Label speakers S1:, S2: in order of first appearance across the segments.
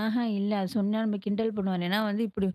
S1: அஹா இல்ல. அது சொன்னா நம்ம கிண்டல் பண்ணுவோம் ஏன்னா வந்து இப்படி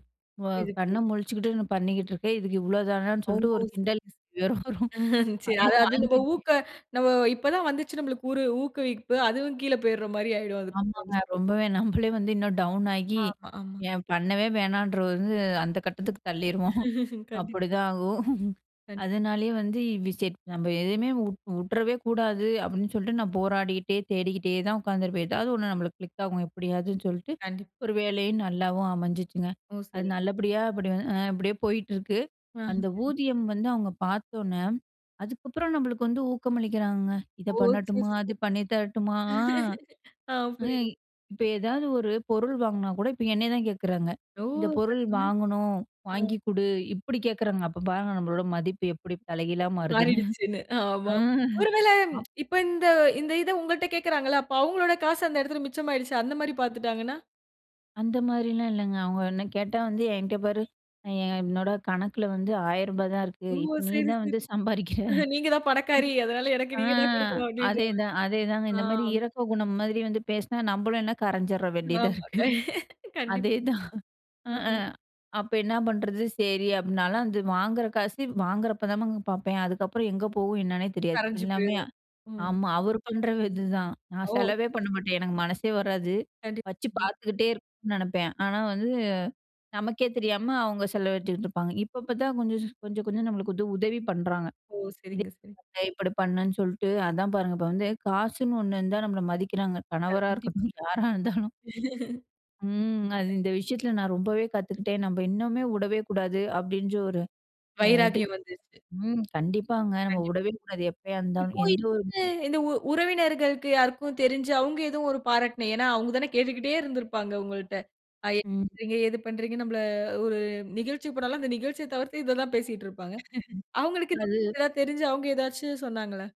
S1: வ
S2: புரியுது,
S1: கண்ண
S2: புரியுது.
S1: முழிச்சுகிட்டு, நான் பண்ணிக்கிட்டு இருக்கேன், இதுக்கு இவ்ளோ தானான்னு
S2: ஓ!
S1: சொல்லிட்டு ஒரு கிண்டல்
S2: சரி சரி,
S1: கேலி வரும், அதுவும்
S2: அது நம்ம
S1: வாங்கிருக்கேன்.
S2: ஊக்க நம்ப இப்ப தான் வந்துச்சு நம்மளுக்கு ஒரு ஊக்குவிப்பு, அதுவும் கீழ போயிடுற மாரி ஆயிடும் அதுக்கு அப்புறம்.
S1: ஆமாங்க, ரொம்பவே நம்மளே வந்து இன்னும் டவுன் ஆகி,
S2: ஆமா, ஆமா.
S1: ஏன் பண்ணவே வேணாம்ன்றது வந்து, அந்த கட்டத்துக்கு தள்ளிருவோம்.
S2: கண்டிப்
S1: அப்படிதான் ஆகும்.
S2: கண்டிப்.
S1: அதனாலேயே வந்து வி செ நம்ம எதுவுமே வு வுட்டுறவே கூடாது. அப்படின்னு சொல்லிட்டு நான் போராடிக்கிட்டே தேடிக்கிட்டே தான் உட்காந்துருப்பேன் எதாவது ஒண்ணு நம்மளுக்கு கிளிக் ஆகும். எப்படியாவதுன்னு சொல்லிட்டு,
S2: கண்டிப்.
S1: ஒரு வேலையும் நல்லாவும் அமைஞ்சிச்சிங்க!
S2: ஓ!
S1: அது
S2: சரிங்க.
S1: நல்லபடியா அப்படி அப்படியே போயிட்டு இருக்கு.
S2: ஆ.
S1: அந்த
S2: சரிங்க
S1: ஊதியம் வந்து அவங்க பார்த்த உடனே, அதுக்கப்புறம் நம்மளுக்கு வந்து ஊக்கமளிக்கிறாங்க! இதை
S2: ஓ! சரி,
S1: பண்ணட்டுமா?
S2: சரி.
S1: அது பண்ணி தரட்டுமா? அ?
S2: அ.
S1: எ
S2: புரிது.
S1: இப்ப ஏதாவது ஒரு பொருள் வாங்கினா கூட, இப்ப என்னை தான் கேட்குறாங்க!
S2: ஓ!
S1: இந்த பொருள்
S2: சரிங்க.
S1: வாங்கணும்.
S2: அ.
S1: வாங்கிக் கொடு. இப்படி கேட்குறாங்க. அப்ப பாருங்க, நம்மளோட மதிப்பு எப்படி தலைகீழா மாறுதுன்னு.
S2: மாறிடுச்சுன்னு. ஆமாம் ஒருவேள
S1: அ. ஆமா.
S2: இப்ப இந்த இந்த இத உங்கள்ட்ட கேட்கிறாங்கல்ல, அப்ப அவங்களோட காசு அந்த இடத்துல மிச்சமாயிடுச்சு, அந்த மாதிரி பார்த்துட்டாங்கன்னா.
S1: அந்த மாதிரிலாம் இல்லங்க. அவங்க என்ன கேட்டா வந்து என்கிட்ட பாரு, என் என்னோட கணக்கில வந்து ரூ. 1000 தான் இருக்கு.
S2: ஓ!
S1: இப்ப நீ
S2: சரி,
S1: தான்
S2: சரி.
S1: வந்து சம்பாதிக்கிற.
S2: அ, நீங்க தான் பணக்காரி, அதனால எனக்கு
S1: அ.
S2: நீ தான் கொடுக்கணும் அப்படின்ற மாரி.
S1: அதேதான். அதேதாங்க
S2: அ.
S1: இந்த மாதிரி இரக்க குணம் மாதிரி வந்து பேசினா நம்மளும் என்ன கரைஞ்சிர வேண்டியதா
S2: ஆமா,
S1: இருக்கு.
S2: கண்டிப்பா.
S1: அதேதான். அ அ.
S2: ம்.
S1: அப்ப என்ன பண்ணுறது, சரி அப்படினாலும், அந்த வாங்குற காசு வாங்குறப்போதமா பார்ப்பேன். அதுக்கப்புறம் எங்கே போகும் என்னன்னே தெரியாது.
S2: கரஞ்சு
S1: எல்லாமே
S2: போய்ரும். ம்.
S1: ஆமா அவர் பண்ற இதுதான், நான்
S2: ஓ!
S1: செலவே பண்ண மாட்டேன். எனக்கு மனசே வராது.
S2: கண்டிப்பா,
S1: வச்சு
S2: கண்டிப்பா.
S1: பார்த்துக்கிட்டே இருக்கும்னு நினைப்பேன் ஆனா வந்து நமக்கே தெரியாம அவங்க செலவடிச்சிட்டுருப்பாங்க. இப்ப இப்ப தான் கொஞ்சம் கொஞ்சம், கொஞ்சம் நம்மளுக்கு வந்து உதவி பண்ணுறாங்க.
S2: ஓ!
S1: இதை
S2: சரிங்க சரிங்க.
S1: இப்படி பண்ணுன்னு சொல்லிட்டு, அதான் பாருங்க, இப்ப வந்து காசுன்னு ஒண்ணுருந்தா நம்மள மதிக்கிறாங்க! கணவரா
S2: கண்டிப்பா.
S1: இருக்கட்டும், யாரா இருந்தாலும்! ம், அது இந்த விஷயத்தில நான் ரொம்பவே கத்துக்கிட்டேன். நம்ம இன்னுமே வுடவே கூடாது, அப்படின்ற ஒரு அ, இது.
S2: வைராக்கியம் வந்துருச்சு.
S1: ம், கண்டிப்பாங்க. நம்ம
S2: கண்டிப்பா.
S1: வுடவே கூடாது. எப்பயா இருந்தாலும்,
S2: இப்ப
S1: எந்த ஒரு
S2: இந்த உ உறவினர்களுக்கு யாருக்கும் தெரிஞ்சு, அவங்க ஏதோ ஒரு பாராட்டின ஏன்னா அவங்க தானே கேட்டுக்கிட்டே இருந்திருப்பாங்க உங்கள்ட்ட, என்ன
S1: ம்.
S2: பண்றீங்க? எது பண்றீங்க? நம்மள ஒரு நிகழ்ச்சிக்கு போனாலும் அந்த நிகழ்ச்சிய தவிர்த்து, இத தான் பேசிட்டுருப்பாங்க. அவங்களுக்கு
S1: அது.
S2: தெரிஞ்சு அவங்க ஏதாச்சு சொன்னாங்களா?